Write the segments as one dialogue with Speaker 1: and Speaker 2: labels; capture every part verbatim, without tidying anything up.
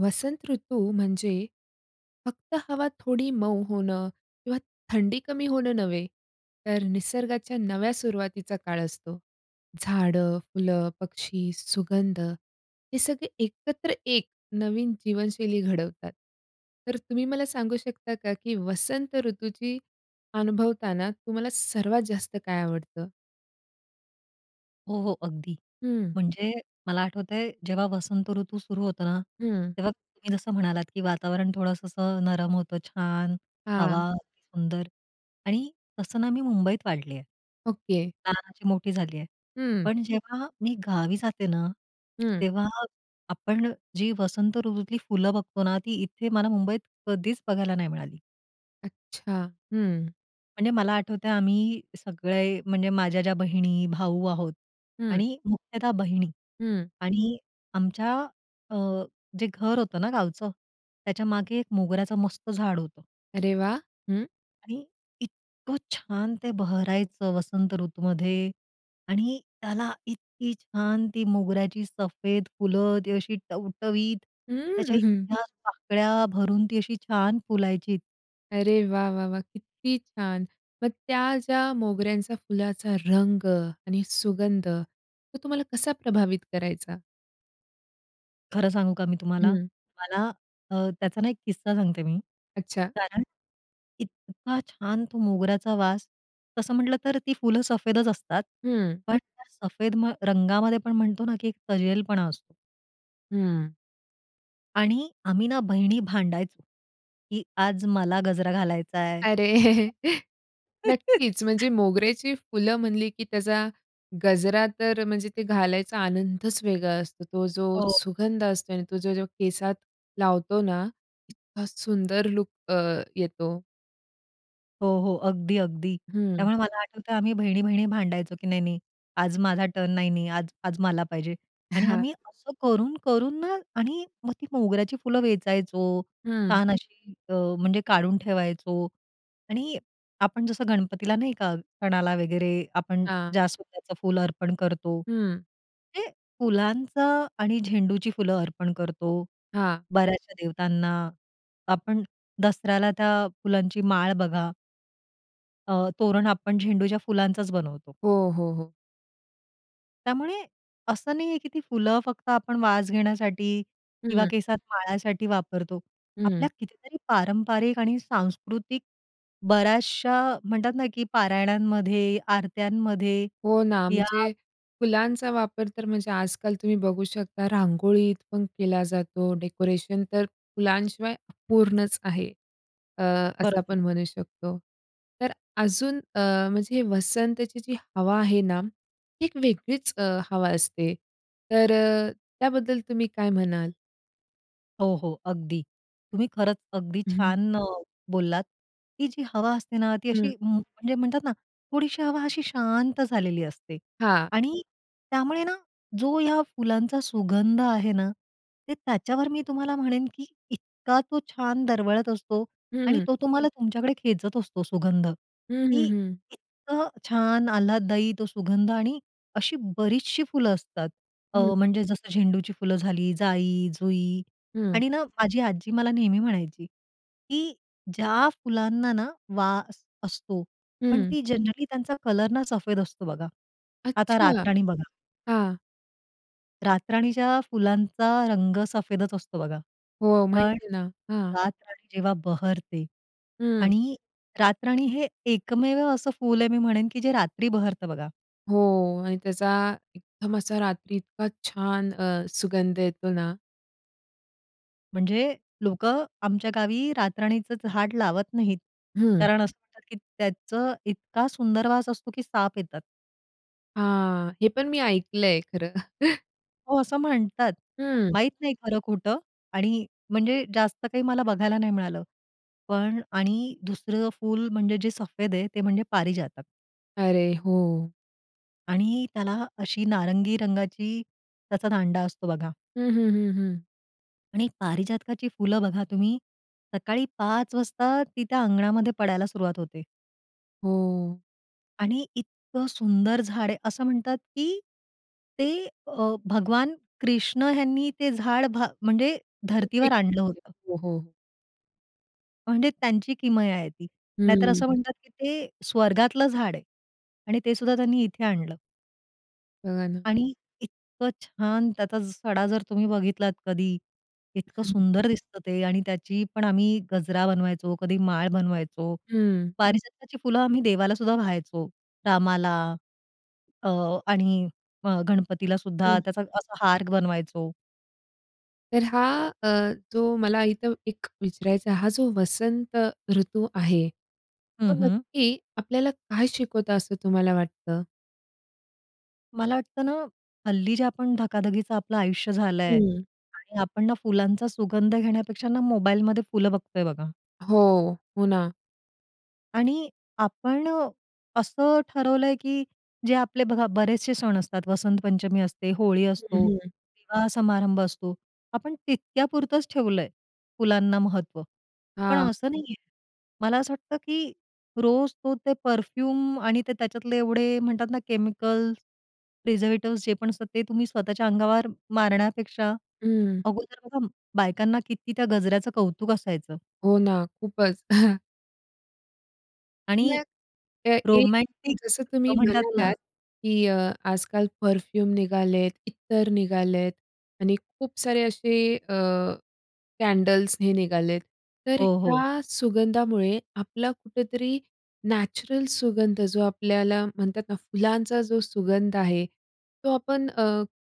Speaker 1: वसंत ऋतू म्हणजे फक्त हवा थोडी मऊ होणं किंवा थंडी कमी होणं नव्हे, तर निसर्गाच्या नव्या सुरुवातीचा काळ असतो. झाडं, फुलं, पक्षी, सुगंध हे सगळे एकत्र एक नवीन जीवनशैली घडवतात. तर तुम्ही मला सांगू शकता, का की वसंत ऋतूची अनुभवताना तुम्हाला सर्वात जास्त काय आवडतं?
Speaker 2: हो, हो, अगदी.
Speaker 1: हं.
Speaker 2: म्हणजे मला आठवतंय, जेव्हा वसंत ऋतू सुरु होतो ना,
Speaker 1: हं.
Speaker 2: तेव्हा तुम्ही जसं म्हणालात, की वातावरण थोडंस असं नरम होतं छान,
Speaker 1: हां.
Speaker 2: हवा अतीसुंदर आणि तसं ना मी मुंबईत वाढली आहे.
Speaker 1: ओके.
Speaker 2: लहानाची मोठी झाली आहे.
Speaker 1: हं.
Speaker 2: पण जेव्हा मी गावी जाते ना,
Speaker 1: हं.
Speaker 2: तेव्हा आपण जी वसंत ऋतूतली फुलं बघतो ना, ती इथे मला मुंबईत कधीच बघायला नाही मिळाली.
Speaker 1: अच्छा, हं.
Speaker 2: म्हणजे मला आठवतंय, आम्ही सगळे म्हणजे माझ्या ज्या बहिणी, भाऊ आहोत
Speaker 1: हं.
Speaker 2: आणि मुख्यतः बहिणी
Speaker 1: हं.
Speaker 2: आणि आमच्या अ, जे घर होतं ना गावचं, त्याच्यामागे एक मोगऱ्याचं मस्त झाड होतं.
Speaker 1: अरे वाह! हं
Speaker 2: आणि इतकं छान ते भरायचं, वसंत ऋतूमध्ये आणि त्याला इतकी छान ती मोगऱ्याची सफेद फुलं, ती अशी टवटवीत, त्याच्या
Speaker 1: हम्म.
Speaker 2: इतक्या पाकळ्या भरून, ती अशी छान फुलायची.
Speaker 1: अरे वाह! वाह! वाह! किती छान! मग त्या ज्या मोगऱ्यांचा फुलाचा रंग आणि सुगंध, तो तुम्हाला कसा प्रभावित करायचा?
Speaker 2: खरं सांगू का मी तुम्हाला?
Speaker 1: हं.
Speaker 2: मला अ, त्याचा ना एक किस्सा सांगते मी,
Speaker 1: अच्छा.
Speaker 2: कारण इतका छान तो मोगऱ्याचा वास, तसं म्हटलं तर ती फुलं सफेदच असतात
Speaker 1: हं.
Speaker 2: पण त्या सफेद म रंगामध्ये पण म्हणतो ना, की एक तजेलपणा असतो.
Speaker 1: हं.
Speaker 2: आणि आम्ही ना बहिणी भांडायचो, की आज मला गजरा घालायचाय.
Speaker 1: अरे, नक्कीच, म्हणजे मोगऱ्याची फुलं म्हणली, की त्याचा गजरा तर म्हणजे ते घालायचा आनंदच वेगळा असतो. तो जो
Speaker 2: हो.
Speaker 1: सुगंध असतो आणि तो जो केसात लावतो ना, इतका सुंदर लूक अ, येतो.
Speaker 2: हो, हो. अगदी, अगदी.
Speaker 1: हं.
Speaker 2: त्यामुळे मला आठवतं आम्ही बहिणी-बहिणी भांडायचो की नाही-नाही, "आज माझा टर्न," "नाही, नाही आज आज मला पाहिजे." आणि
Speaker 1: हां.
Speaker 2: आम्ही असं करून-करून ना आणि मग ती मोगऱ्याची फुलं वेचायचो.
Speaker 1: हं.
Speaker 2: छान अशी अ, म्हणजे काढून ठेवायचो आणि आपण जसं गणपतीला नाही का सणाला वगैरे आपण
Speaker 1: हां.
Speaker 2: जास्वंदच फुलं अर्पण करतो,
Speaker 1: हं.
Speaker 2: ते फुलांचं आणि झेंडूची फुलं अर्पण करतो
Speaker 1: हां.
Speaker 2: बऱ्याचशा देवतांना, आपण दसऱ्याला त्या फुलांची माळ बघा अ, तोरण आपण झेंडूच्या फुलांचाच बनवतो.
Speaker 1: हो, हो, हो.
Speaker 2: त्यामुळे, असं नाहीये की ती फुलं फक्त आपण वास घेण्यासाठी किंवा
Speaker 1: हं.
Speaker 2: केसात माळासाठी वापरतो. आपल्या
Speaker 1: हं.
Speaker 2: कितीतरी पारंपारिक आणि सांस्कृतिक, बऱ्याचशा म्हणतात ना, की पारायणांमध्ये, आरत्यांमध्ये
Speaker 1: हो ना,
Speaker 2: या
Speaker 1: म्हणजे फुलांचा वापर तर म्हणजे आज-काल तुम्ही बघू शकता रांगोळीत पण केला जातो, डेकोरेशन तर फुलांशिवाय अपूर्णच आहे, अ, असं
Speaker 2: बरोबर.
Speaker 1: आपण म्हणू शकतो. तर अजून अ, म्हणजे वसंतची जी हवा आहे ना, एक वेगळीच अ, हवा असते तर अ, त्याबद्दल तुम्ही काय म्हणाल?
Speaker 2: हो, हो, अगदी. तुम्ही खरंच अगदी
Speaker 1: हं.
Speaker 2: छान अ, बोललात. ती जी हवा असते ना ती
Speaker 1: हं.
Speaker 2: अशी म्हणजे म्हणतात ना थोडीशी हवा अशी शांत झालेली असते
Speaker 1: हां.
Speaker 2: आणि त्यामुळे ना जो या फुलांचा सुगंध आहे ना, ते त्याच्यावर मी तुम्हाला म्हणेन, की इतका तो छान दरवळत असतो आणि
Speaker 1: हं.
Speaker 2: तो तुम्हाला तुमच्याकडे खेचत असतो सुगंध,
Speaker 1: हं,
Speaker 2: की
Speaker 1: हं, हं.
Speaker 2: इतकं छान आल्हादायी तो सुगंध आणि अशी बरीचशी फुलं असतात. अ,
Speaker 1: हं.
Speaker 2: म्हणजे जसं झेंडूची फुलं झाली, जाई, जुई
Speaker 1: हं.
Speaker 2: आणि ना माझी आजी मला नेहमी म्हणायची, की ज्या फुलांना ना वास असतो पण
Speaker 1: हं.
Speaker 2: ती जनरली त्यांचा कलर ना सफेद असतो बघा. आता
Speaker 1: अच्छा!
Speaker 2: रातराणी बघा
Speaker 1: हां.
Speaker 2: रातराणीच्या फुलांचा रंग सफेदच असतो बघा.
Speaker 1: हो,
Speaker 2: पण
Speaker 1: माहिती आहे ना. हां.
Speaker 2: रातराणी जेव्हा बहरते
Speaker 1: हं.
Speaker 2: आणि रातराणी हे एकमेव असं फुल आहे मी म्हणेन की जे रात्री बहरतं बघा.
Speaker 1: हो आणि त्याचा एकदम असा रात्री इतका छान अ, सुगंध येतो ना.
Speaker 2: म्हणजे लोकं आमच्या गावी रातराणीचं झाड लावत नाहीत.
Speaker 1: हं.
Speaker 2: कारण असं म्हणतात, की "त्याचं इतका सुंदर वास असतो की साप येतात."
Speaker 1: हां. हे पण मी ऐकलंय खरं.
Speaker 2: हो, असं म्हणतात.
Speaker 1: हं.
Speaker 2: माहीत नाही खरं-खोटं आणि म्हणजे जास्त काही मला बघायला नाही मिळालं. पण आणि दुसरं फुल म्हणजे जे सफेद आहे, ते म्हणजे पारीजातक.
Speaker 1: अरे, हो.
Speaker 2: आणि त्याला अशी नारंगी रंगाची, त्याचा दांडा असतो बघा.
Speaker 1: हं, हं, हं, हं.
Speaker 2: आणि पारिजातकाची फुलं बघा तुम्ही, सकाळी पाच वाजता ती त्या अंगणामध्ये पडायला सुरुवात होते.
Speaker 1: हो.
Speaker 2: आणि इतकं सुंदर झाड आहे, असं म्हणतात, की ते अ, भगवान कृष्ण ह्यांनी ते झाड, भा म्हणजे,
Speaker 1: पृथ्वी.
Speaker 2: धर्तीवर आणलं
Speaker 1: [unintelligible]
Speaker 2: होतं.
Speaker 1: हो, हो.
Speaker 2: म्हणजे त्यांची किमया आहे ती. नाहीतर असं
Speaker 1: हं.
Speaker 2: म्हणतात, की ते स्वर्गातलं झाड आहे. आणि ते सुद्धा त्यांनी इथे आणलं.
Speaker 1: बघा ना.
Speaker 2: आणि इतकं छान त्याचा सडा जर तुम्ही बघितलात कधी, इतकं
Speaker 1: हं.
Speaker 2: सुंदर दिसतं ते आणि त्याची पण आम्ही गजरा बनवायचो, कधी माळ बनवायचो.
Speaker 1: हं.
Speaker 2: पारिजातकाची फुलं आम्ही देवाला सुद्धा वाहायचो. रामाला, अ, आणि अ, गणपतीला सुद्धा,
Speaker 1: हं.
Speaker 2: त्याचा असा हार बनवायचो.
Speaker 1: तर हा अ, जो मला इथं एक विचारायचा आहे हा जो वसंत ऋतू आहे, तो
Speaker 2: हं, हं.
Speaker 1: नक्की आपल्याला काय शिकवतो असं तुम्हाला वाटतं?
Speaker 2: मला वाटतं ना हल्ली जे आपण धकाधकीचं आपलं आयुष्य झालंय
Speaker 1: हं.
Speaker 2: आणि आपण ना फुलांचा सुगंध घेण्यापेक्षा ना मोबाईलमध्ये फुलं बघतोय बघा.
Speaker 1: हो. हो ना.
Speaker 2: आणि आपण अ, असं ठरवलंय की जे आपले बघा बरेचसे सण असतात, वसंतपंचमी असते, होळी असतो,
Speaker 1: हं, हं.
Speaker 2: विवाह समारंभ असतो आपण तितक्या पुरतच ठेवलंय फुलांना महत्त्व. पण
Speaker 1: हां.
Speaker 2: असं नाहीये. मला असं वाटतं की रोज तो ते परफ्यूम आणि ते त्याच्यातले एवढे म्हणतात ना केमिकल्स, प्रिझर्वेटिव्स जे पण असतात ते तुम्ही स्वतःच्या अंगावर मारण्यापेक्षा
Speaker 1: हं.
Speaker 2: अगोदर बघा बायकांना किती त्या गजऱ्याचं कौतुक असायचं.
Speaker 1: हो ना खूपच.
Speaker 2: आणि
Speaker 1: मग अ, एक
Speaker 2: रोमॅन्टिक
Speaker 1: जसं
Speaker 2: अ,
Speaker 1: तुम्ही
Speaker 2: म्हणतात ना
Speaker 1: म्हणालात, की अ, आज-काल परफ्यूम निघाले आहेत, इत्तर निघाले आहेत आणि खूप सारे असे अ, कँडल्स हे निघाले आहेत. तर
Speaker 2: हो, हो.
Speaker 1: ह्या सुगंधामुळे आपला कुठेतरी नॅचरल सुगंध जो आपल्याला म्हणतात ना फुलांचा जो सुगंध आहे तो आपण अ,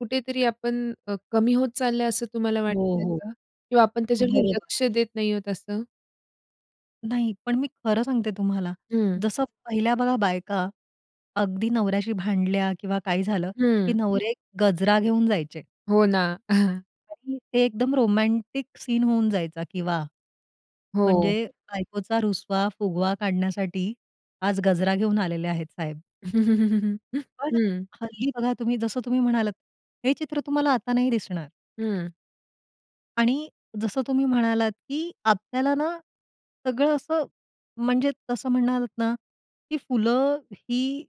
Speaker 1: कुठेतरी आपण अ, कमी होत चालला आहे, असं तुम्हाला वाटत
Speaker 2: हो,
Speaker 1: आहे
Speaker 2: हो.
Speaker 1: का? किंवा आपण त्याच्याकडे
Speaker 2: बरोबर.
Speaker 1: लक्ष देत नाही आहोत असं?
Speaker 2: नाही, पण मी खरं सांगते तुम्हाला,
Speaker 1: हं.
Speaker 2: जसं पहिल्या बघा, बायका अगदी नवऱ्याशी भांडल्या किंवा काही झालं, की
Speaker 1: हं.
Speaker 2: नवरे गजरा घेऊन जायचे.
Speaker 1: हो ना.
Speaker 2: अगदी ते एकदम रोमॅन्टिक सीन होऊन जायचा, की वाह!
Speaker 1: हो.
Speaker 2: म्हणजे बायकोचा रुसवा-फुगवा काढण्यासाठी आज गजरा घेऊन आलेले आहेत साहेब. पण
Speaker 1: हं.
Speaker 2: हल्ली बघा तुम्ही जसं तुम्ही म्हणालात, हे चित्र तुम्हाला आता नाही दिसणार.
Speaker 1: हं.
Speaker 2: आणि जसं तुम्ही म्हणालात, की आपल्याला ना सगळं असं म्हणजे तसं म्हणलात ना, की फुलं ही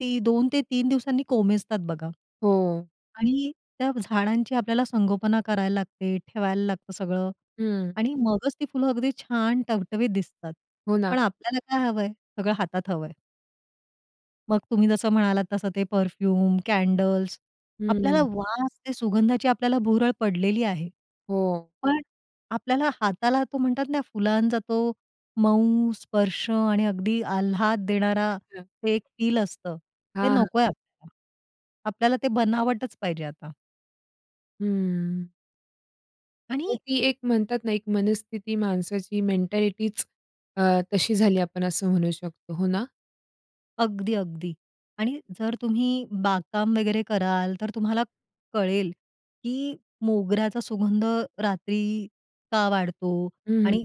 Speaker 2: ती दोन ते तीन दिवसांनी कोमेजतात बघा
Speaker 1: हो.
Speaker 2: आणि त्या झाडांची आपल्याला संगोपना करायला लागते, ठेवायला लागतं सगळं
Speaker 1: हं.
Speaker 2: आणि मगच ती फुलं अगदी छान टवटवीत दिसतात.
Speaker 1: हो
Speaker 2: पण
Speaker 1: ना.
Speaker 2: आपल्याला काय हवंय? सगळं हातात हवंय. मग तुम्ही जसं म्हणालात तसं ते परफ्यूम, कॅडल्स आपल्याला
Speaker 1: हं.
Speaker 2: वास, ते सुगंधाची आपल्याला भुरळ पडलेली आहे.
Speaker 1: हो.
Speaker 2: पण आपल्याला हाताला तो म्हणतात ना, फुलांचा तो मऊ स्पर्श आणि अगदी आल्हाद देणारा
Speaker 1: अच्छा.
Speaker 2: एक फील असतं, ते
Speaker 1: हां, हां.
Speaker 2: नकोय आपल्याला. आपल्याला ते बनावटच पाहिजे आता.
Speaker 1: हम्म. तर
Speaker 2: आणि
Speaker 1: ती एक म्हणतात ना, एक मनस्थिती माणसाची, मेंटॅलिटीच अ, तशी झाली आपण असं म्हणू शकतो. हो ना?
Speaker 2: अगदी, अगदी. आणि जर तुम्ही बागकाम वगैरे कराल, तर तुम्हाला कळेल की मोगऱ्याचा सुगंध रात्री का वाढतो
Speaker 1: हं, हं.
Speaker 2: आणि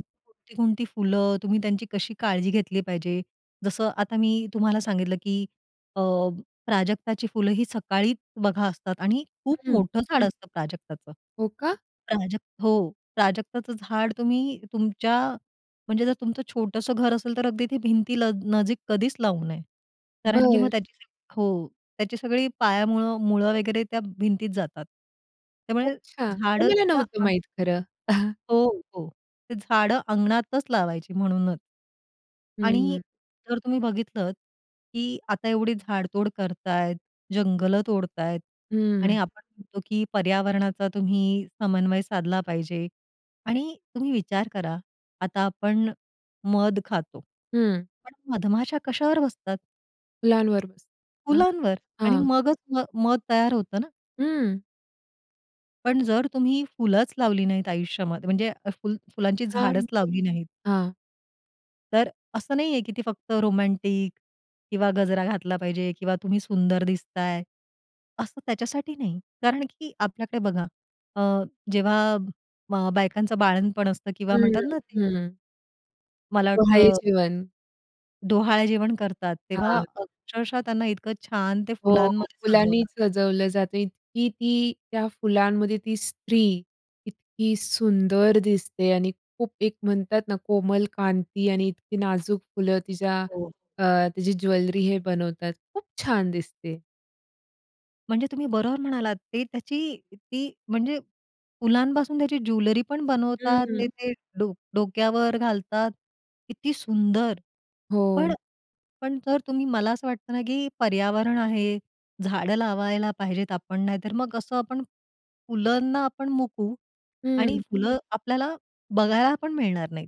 Speaker 2: कोणती फुलं, तुम्ही त्यांची कशी काळजी घेतली पाहिजे? जसं आता मी तुम्हाला सांगितलं, की अ, प्राजक्ताची फुलं ही सकाळी बघा ना, असतात आणि खूप
Speaker 1: हं.
Speaker 2: मोठं झाड असतं प्राजक्ताचं.
Speaker 1: हो का?
Speaker 2: प्राजक हो. प्राजक्ताचं झाड तुम्ही तुमच्या म्हणजे जर तुमचं छोटंसं घर असेल, तर अगदी ते भिंतील नजीक कधीच लावू नये. कारण की मग
Speaker 1: बरं.
Speaker 2: त्याची जी हो, त्याची सगळी पायामुळं, मुळं वगैरे त्या भिंतीत जातात. त्यामुळे
Speaker 1: अच्छा, हे
Speaker 2: झाडं
Speaker 1: मला
Speaker 2: तिथे
Speaker 1: नव्हतं
Speaker 2: आणि
Speaker 1: माहीत खरं. अहं.
Speaker 2: हो, हो. ते झाडं अंगणातच लावायची म्हणूनच. आणि
Speaker 1: हं.
Speaker 2: जर तुम्ही बघितलंत, की आता एवढी झाडतोड करतायेत, जंगलं तोडतायेत आणि
Speaker 1: हं.
Speaker 2: आपण म्हणतो, की पर्यावरणाचा तुम्ही समन्वय साधला पाहिजे आणि तुम्ही विचार करा, आता आपण मध खातो.
Speaker 1: हं.
Speaker 2: पण मधमाशा कशावर बसतात?
Speaker 1: फुलांवर बसतात ना
Speaker 2: फुलांवर? आणि
Speaker 1: हां.
Speaker 2: मगच अ, म मध तयार होतं ना.
Speaker 1: हं.
Speaker 2: पण जर तुम्ही फुलंच लावली नाहीत आयुष्यामध्ये म्हणजे फुल फुलांची
Speaker 1: हां,
Speaker 2: झाडचं लावली नाहीत
Speaker 1: हां.
Speaker 2: तर अ, असं नाही आहे, की ती फक्त रोमॅन्टिक किंवा गजरा घातला पाहिजे किंवा तुम्ही सुंदर दिसताय, असं त्याच्यासाठी नाही. कारण की आपल्याकडे बघा अ, जेव्हा अ, बायकांचं बाळंतपण असतं किंवा
Speaker 1: हं,
Speaker 2: म्हणतात ना ते
Speaker 1: हं. हं.
Speaker 2: मला
Speaker 1: डोहाळे
Speaker 2: वाटतं
Speaker 1: जेवण.
Speaker 2: डोहाळे जेवण करतात, तेव्हा
Speaker 1: हां.
Speaker 2: अक्षरशः त्यांना इतकं छान ते
Speaker 1: हो,
Speaker 2: फुलांमध्ये
Speaker 1: फुलांनी
Speaker 2: सजवतात.
Speaker 1: सजवलं जातं. इतकी ती त्या फुलांमध्ये ती स्त्री इतकी सुंदर दिसते आणि खूप एक म्हणतात ना, कोमल कांती आणि इतकी नाजूक फुलं तिच्या
Speaker 2: हो.
Speaker 1: अ, तिची ज्वेलरी हे बनवतात, खूप छान दिसते.
Speaker 2: म्हणजे तुम्ही बरोबर म्हणालात, ते त्याची ती म्हणजे फुलांपासून त्याची ज्वेलरी पण
Speaker 1: हं,
Speaker 2: बनवतात. ते
Speaker 1: हं.
Speaker 2: ते डो डोक्यावर घालतात, किती सुंदर. पण
Speaker 1: हो.
Speaker 2: पण जर तुम्ही मला असं वाटतं ना की पर्यावरण आहे, झाडं लावायला पाहिजेत आपण, नाही तर मग असं आपण फुलांना आपण मुकू आणि
Speaker 1: हं.
Speaker 2: फुलं आपल्याला बघायला पण मिळणार नाहीत.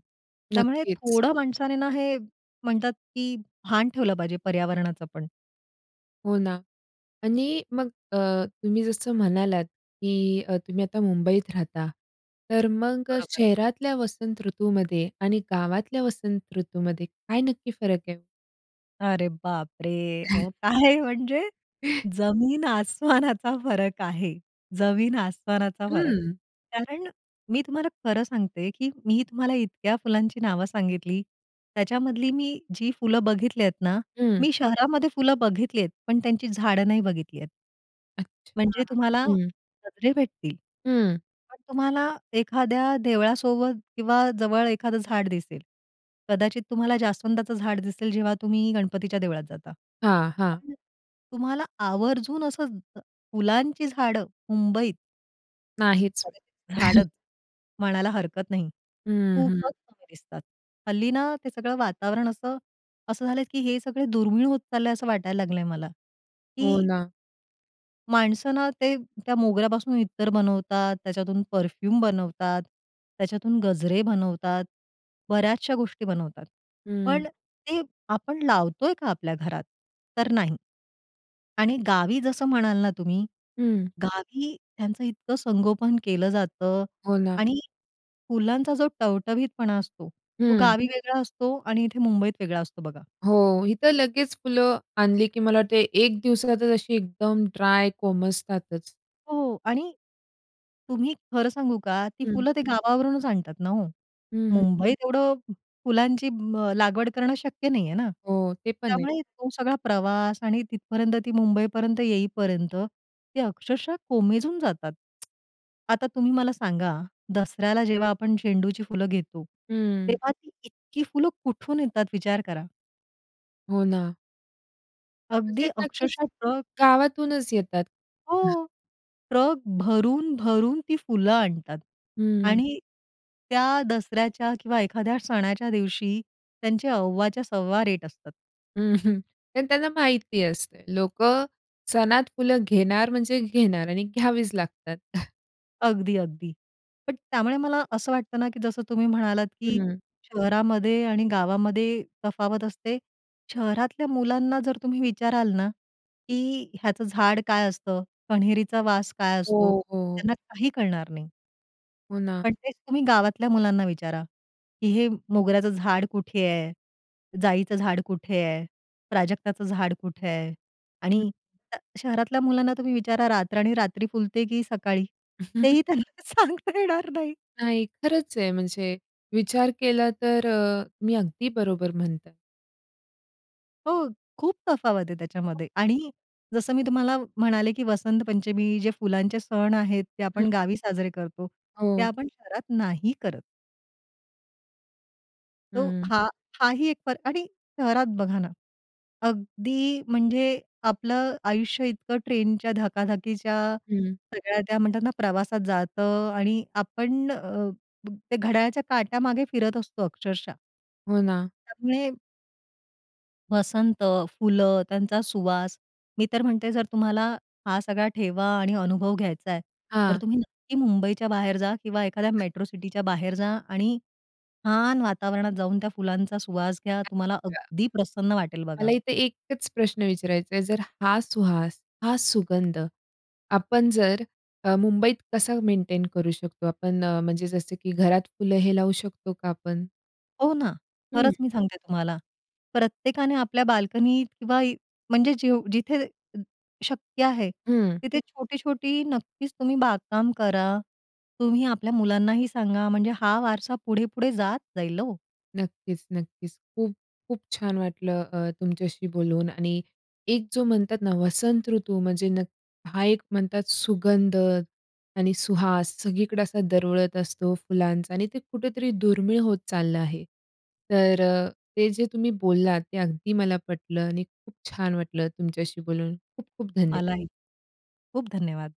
Speaker 2: त्यामुळे
Speaker 1: नक्कीच.
Speaker 2: थोडं माणसाने ना, हे म्हणतात की भान ठेवलं पाहिजे पर्यावरणाचं पण.
Speaker 1: हो ना आणि मग अ, तुम्ही जसं म्हणालात, की अ, तुम्ही आता मुंबईत राहता तर मग अ,
Speaker 2: बरोबर.
Speaker 1: शहरातल्या वसंत ऋतूमध्ये आणि गावातल्या वसंत ऋतूमध्ये काय नक्की फरक आहे?
Speaker 2: अरे बापरे! अहो, काय म्हणजे? जमीन-आसमानाचा फरक आहे. जमीन आसमानाचा फरक.
Speaker 1: हं.
Speaker 2: कारण मी तुम्हाला खरं सांगते, की मी तुम्हाला इतक्या फुलांची नावं सांगितली. त्याच्यामधली मी जी फुलं बघितली आहेत ना,
Speaker 1: हं.
Speaker 2: मी शहरामध्ये फुलं बघितली आहेत पण त्यांची झाडं नाही बघितली आहेत.
Speaker 1: अच्छा,
Speaker 2: म्हणजे तुम्हाला
Speaker 1: हं.
Speaker 2: गजरे भेटतील.
Speaker 1: हं.
Speaker 2: पण तुम्हाला एखाद्या देवळासोबत किंवा जवळ एखाद झाड दिसेल. कदाचित तुम्हाला जास्वंदाचं झाड दिसेल जेव्हा तुम्ही गणपतीच्या देवळात जाता.
Speaker 1: हां, हां.
Speaker 2: पण तुम्हाला आवर्जून असं ज फुलांची झाडं मुंबईत
Speaker 1: नाहीच.
Speaker 2: [unintelligible] झाडत म्हणायला हरकत नाही.
Speaker 1: हं, हं.
Speaker 2: खूपच कमी दिसतात. हल्ली ना, ते सगळं वातावरण असं असं झालंय, की हे सगळे दुर्मिळ होत चाललंय असं वाटायला लागलंय मला,
Speaker 1: हो
Speaker 2: की
Speaker 1: ना.
Speaker 2: माणसं ना ते त्या मोगऱ्यापासून इत्तर बनवतात, त्याच्यातून परफ्यूम बनवतात, त्याच्यातून गजरे बनवतात, बऱ्याचशा गोष्टी बनवतात. पण
Speaker 1: हं.
Speaker 2: ते आपण लावतोय का आपल्या घरात? तर नाही. आणि गावी जसं म्हणाल ना तुम्ही,
Speaker 1: हं.
Speaker 2: गावी त्यांचं इतकं संगोपन केलं जातं
Speaker 1: हो ना.
Speaker 2: आणि फुलांचा जो टवटवीतपणा असतो, तो
Speaker 1: हं.
Speaker 2: गावी वेगळा असतो आणि इथे मुंबईत वेगळा असतो बघा.
Speaker 1: हो. इथं लगेच फुलं आणली, की मला वाटत एक दिवसातच अशी एकदम ड्राय कोमेजतातच.
Speaker 2: हो, हो. आणि तुम्ही खरं सांगू का, ती
Speaker 1: हं.
Speaker 2: फुलं ते गावावरूनच आणतात ना हो.
Speaker 1: हं, हं.
Speaker 2: मुंबईत एवढं फुलांची मग लागवड करणं शक्य नाहीये ना,
Speaker 1: हो, ते पण आहे.
Speaker 2: त्यामुळे तो सगळा प्रवास आणि तिथपर्यंत ती मुंबई पर्यंत येईपर्यंत ते अक्षरशः कोमेजून जातात. आता तुम्ही मला सांगा, दसऱ्याला जेव्हा आपण झेंडूची फुलं घेतो,
Speaker 1: हं.
Speaker 2: तेव्हा ती इतकी फुलं कुठून येतात विचार करा.
Speaker 1: हो ना. म्हणजे
Speaker 2: अगदी
Speaker 1: नक्कीच
Speaker 2: अक्षरशः ट्रक
Speaker 1: गावातूनच येतात.
Speaker 2: हो. ट्रक भरून-भरून ती फुलं आणतात
Speaker 1: हं.
Speaker 2: आणि त्या दसऱ्याच्या किंवा एखाद्या सणाच्या दिवशी त्यांचे अव्वाच्या सव्वा रेट असतात.
Speaker 1: अं, कारण त्यांना माहिती असतं, लोकं सणात फुलं घेणार म्हणजे घेणार आणि घ्यावीच लागतात.
Speaker 2: अगदी, अगदी. पण त्यामुळे मला असं वाटतं ना, की जसं तुम्ही म्हणालात की
Speaker 1: हं.
Speaker 2: शहरामध्ये आणि गावामध्ये तफावत असते. शहरातल्या मुलांना जर तुम्ही विचाराल ना, की ह्याचं झाड काय असतं? कन्हेरीचा वास काय असतो?
Speaker 1: हो, हो.
Speaker 2: त्यांना काही कळणार नाही.
Speaker 1: हो ना.
Speaker 2: पण तेच तुम्ही गावातल्या मुलांना विचारा, की हे मोगऱ्याचं झाड कुठे आहे? जाईचं झाड कुठे आहे? प्राजक्ताचं झाड कुठे आहे?
Speaker 1: हं.
Speaker 2: आणि श शहरातल्या मुलांना तुम्ही विचारा, रातराणी रात्री फुलते की सकाळी? तेही त्यांना सांगता येणार नाही.
Speaker 1: नाही, खरंच आहे, म्हणजे विचार केला तर अ, तुम्ही अगदी बरोबर म्हणताय.
Speaker 2: हो, खूप तफावत आहे त्याच्यामध्ये.
Speaker 1: मस्त.
Speaker 2: आणि जसं मी तुम्हाला म्हणाले, की वसंत पंचमी जे फुलांचे सण आहेत. ते
Speaker 1: हं.
Speaker 2: आपण गावी साजरे करतो. ते
Speaker 1: हो.
Speaker 2: आपण शहरात नाही करत. तो
Speaker 1: हं.
Speaker 2: हा हा ही एक फरक आणि शहरात बघा ना, अगदी म्हणजे आपलं आयुष्य इतकं ट्रेनच्या धकाधकीच्या
Speaker 1: हं.
Speaker 2: सगळ्या त्या म्हणतात ना, प्रवासात जातं आणि आपण अ, ते घड्याळाच्या काट्यामागे फिरत असतो अक्षरशः!
Speaker 1: हो ना.
Speaker 2: त्यामुळे वसंत, फुलं, त्यांचा सुवास. मी तर म्हणते जर तुम्हाला, हा सगळा ठेवा आणि अनुभव घ्यायचाय, तर
Speaker 1: हां.
Speaker 2: तुम्ही नक्की मुंबईच्या बाहेर जा किंवा एखाद्या मेट्रो सिटीच्या बाहेर जा आणि छान वातावरणात जाऊन त्या फुलांचा सुवास घ्या, तुम्हाला
Speaker 1: या
Speaker 2: अगदी प्रसन्न वाटेल बघा.
Speaker 1: मला इथे एकच प्रश्न विचारायचाय जर हा सुहास, हा सुगंध, आपण जर अ, मुंबईत कसा मेंटेन करू शकतो आपण अ, म्हणजे जसं की घरात फुलं हे लावू शकतो का आपण?
Speaker 2: हो ना.
Speaker 1: हं.
Speaker 2: खरंच मी सांगते तुम्हाला प्रत्येकाने आपल्या बाल्कनी किंवा म्हणजे जेव्ह जिथे शक्य आहे,
Speaker 1: हं.
Speaker 2: तिथे छोटी-छोटी नक्कीच तुम्ही बागकाम करा. तुम्ही आपल्या मुलांनाही सांगा म्हणजे हा वारसा पुढे-पुढे जात जाईल हो.
Speaker 1: नक्कीच, नक्कीच. खूप खूप छान वाटलं अ, तुमच्याशी बोलून आणि एक जो म्हणतात ना, वसंत ऋतू म्हणजे नक हा एक म्हणतात सुगंध आणि सुहास सगळीकडे असा दरवळत असतो फुलांचा आणि ते कुठेतरी दुर्मिळ होत चाललं आहे. तर अ, ते जे तुम्ही बोललात ते अगदी मला पटलं आणि खूप छान वाटलं तुमच्याशी बोलून. खूप-खूप धन्यवाद.
Speaker 2: मलाही. खूप धन्यवाद.